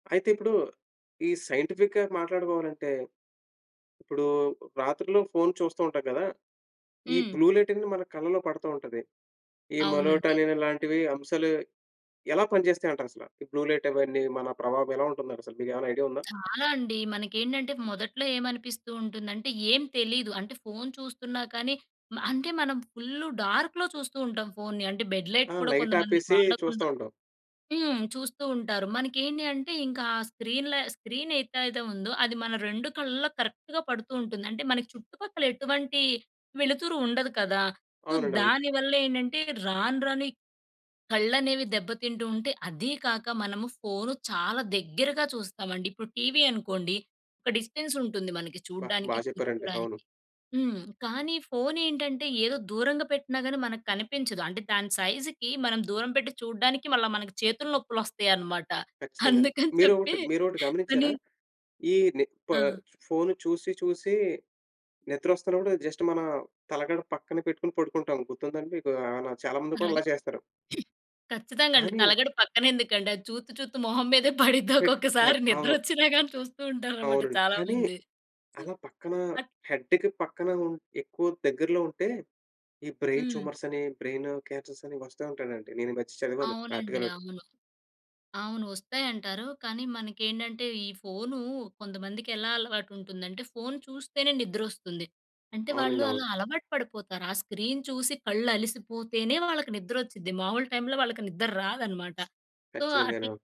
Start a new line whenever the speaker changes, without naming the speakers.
అయితే ఇప్పుడు ఈ సైంటిఫిక్‌గా మాట్లాడుకోవాలంటే ఇప్పుడు రాత్రిలో ఫోన్ చూస్తూ ఉంటాం కదా! ఈ
హ్మ్.
బ్లూ లైటనేది మన కళ్ళలో పడతా ఉంటది. ఈ
అవునండి.
మలటోనిన్ ఇలాంటివి అంశాలు ఎలా పనిచేస్తాయంటారసల? ఈ బ్లూ లైట్ అవన్నీ మన ప్రభావం ఎలా ఉంటుందసలు? మీకేవైనా ఐడియా ఉందా?
చాలా అండి. మనకేంటంటే మొదట్లో ఏమనిపిస్తూ ఉంటుందంటే, ఏం తెలీదు. అంటే ఫోన్ చూస్తున్నా కానీ మ అంటే మనం ఫుల్లు డార్క్‌లో చూస్తూ ఉంటాం ఫోన్‌ని. అంటే బెడ్ లైట్
ఆ!
కూడా కొంతమంది
లైటాపేసి చూస్తా
వాడకుండా
ఉంటాం.
హ్మ్. చూస్తూ ఉంటారు. మనకేంటి అంటే ఇంకా ఆ స్క్రీన్‌లా స్క్రీన్ ఏతైదో ఉందో అది మన 2 కళ్ళలో కరెక్ట్‌గా పడుతూ ఉంటుంది. అంటే మనకి చుట్టుపక్కలెటువంటి వెలుతురు ఉండదు కదా! సో,
అవునండి. అవును.
దానివల్లేండంటే రాను రాను ఈ కళ్ళనేవి దెబ్బతింటూ ఉంటే, అది కాక మనము ఫోను చాలా దగ్గరగా చూస్తామండి. ఇప్పుడు టీవీ అనుకోండి ఒక డిస్టెన్సుంటుంది మనకి
బా బా
చూడ్డానికి.
చెప్పారండి!
కూర్చోడానికి.
అవును.
హ్మ్. కానీ ఫోనేంటంటే ఏదో దూరంగా పెట్టినా గానీ మనకు కనిపించదు. అంటే దాని సైజుకి మనం దూరం పెట్టి చూడడానికి మళ్ళా మన చేతులు నొప్పులొస్తయనమాట.
ఖచ్చితంగాను.
అందుకని చెప్పి
మీరొకటి మీరొకటి
అని
గమనించారా? ఈ నిప్పా
ఆ!
ఫోను చూసి చూసి నిద్రొస్తున్నప్పుడు జస్ట్ మన తలగడ పక్కన పెట్టుకొని పడుకుంటాము. గుర్తుందా అండి మీకు? ఆహ్, నా చాలా మంది కూడా
తలగడ
అలా చేస్తారు.
ఖచ్చితంగండి.
కానీ
తలగడ పక్కనెందుకండి? అది చూత్తు చూత్తు మొహం మీదే పడుద్ది
పెట్టు కా
ఒక్కొక్కసారి.
అవును.
నిద్రొచ్చిన గాని చూస్తూ ఉంటారనమాట
అవునండి.
చాలా
కానీ
మంది. సు
అలా పక్కన
అట్
హెడ్డుకి పక్కన ఉన్ ఎక్కువ దగ్గరలో ఉంటే ఈ బ్రెయిన్
హ్మ్.
ట్యూమర్సని, బ్రెయిను క్యాన్సర్సని వస్తా ఉంటాయండి నేనీ మధ్య చదివాను
అవునండి.
ఆర్టికలోకటి.
అవును. అవును వస్తాయంటారు. కానీ మనకేంటంటే ఈ ఫోను కొంతమందికెలా అలవాటుంటుందంటే ఫోను చూస్తేనే నిద్రొస్తుంది. అంటే వాళ్ళు
అవునండి. అవును.
అలా అలవాటు పడిపోతారు. ఆ స్క్రీన్ చూసి కళ్ళలిసిపోతేనే వాళ్ళకి నిద్రొచ్చుద్ది. మామూలు టైమ్‌లో వాళ్ళకి నిద్దర రాదనమాట. సో, అట్లా
ఖచ్చితంగాను.